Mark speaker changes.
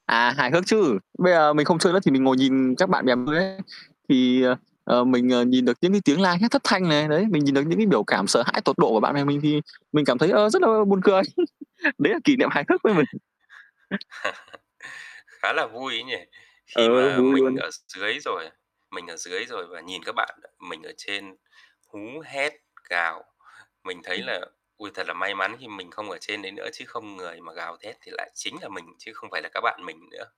Speaker 1: À, hài hước chứ. Bây giờ mình không chơi nữa thì mình ngồi nhìn các bạn bè [unintelligible] ấy, thì, ờ, ờ, mình, ờ, nhìn được những cái tiếng la hét thất thanh này, đấy, mình nhìn được những cái biểu cảm sợ hãi tột độ của bạn bè mình thì mình cảm thấy, ơ, rất là buồn cười. Đấy là kỷ niệm hài hước với mình.
Speaker 2: Khá là vui ấy nhỉ. Khi
Speaker 1: Ừ,
Speaker 2: mà
Speaker 1: vui
Speaker 2: mình
Speaker 1: luôn.
Speaker 2: ở x dưới rồi, à mình ở dưới rồi và nhìn các bạn, ờ, mình ở trên hú, hét, gào, mình thấy
Speaker 1: Ừm.
Speaker 2: là "Ôi, thật là may mắn khi mình không ở trên đấy nữa chứ không người mà gào thét thì lại chính là mình, chứ không phải là các bạn mình nữa."